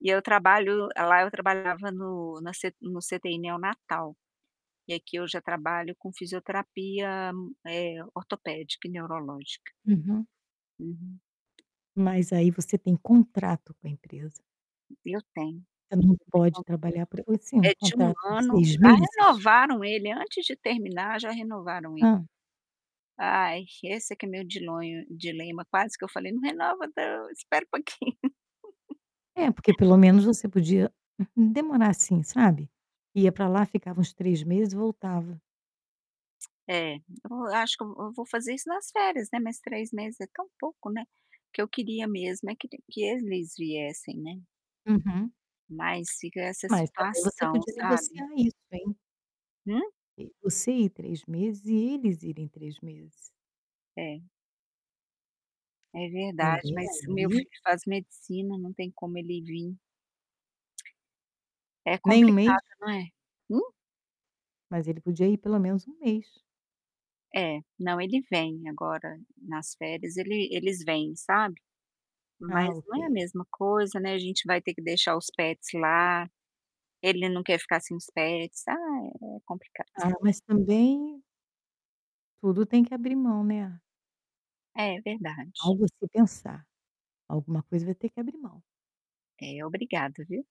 Eu trabalho lá eu trabalhava no na no CTI neonatal. E aqui eu já trabalho com fisioterapia, eh, ortopédica e neurológica. Uhum. Uhum. Mas aí, você tem contrato com a empresa? Eu tenho. Ah, não Eu tenho um pode contrato, trabalhar pra você um eh, de 1 contrato de ano, 6 já meses? renovaram ele. Antes de terminar, já renovaram ele. Hã. Ai, esse que é meu diloi dilema. Quase que eu falei: "Não renova não, espera um pouquinho". É, porque pelo menos você podia, hum, demorar, assim, sabe. Ia para lá, ficava uns 3 meses e voltava. É, eu acho que eu eu vou fazer isso nas férias, né, mas 3 meses é tão pouco, né. O que eu queria mesmo é que que eles viessem, né? Uhum. Mas fica essa Mas também, você situação, podia sabe? negociar isso, hein? Hum? Ok, você ir 3 meses e eles irem 3 meses. É. É verdade, Também, mas o meu aí filho faz medicina, não tem como ele vim. É Nem 1 mês? complicado, não é? Hum? Mas ele podia ir pelo menos 1 mês. É. Não, ele vem agora nas férias ele eles vêm, sabe. Mas Ah, não é a ok. mesma coisa, né, a gente vai ter que deixar os pets lá. Ele não quer ficar sem os pets, ah, é complicado. Ah, mas, também Tudo tem que abrir mão, né? É verdade. Algo a se pensar. Alguma coisa vai ter que abrir mão. É, obrigada, viu.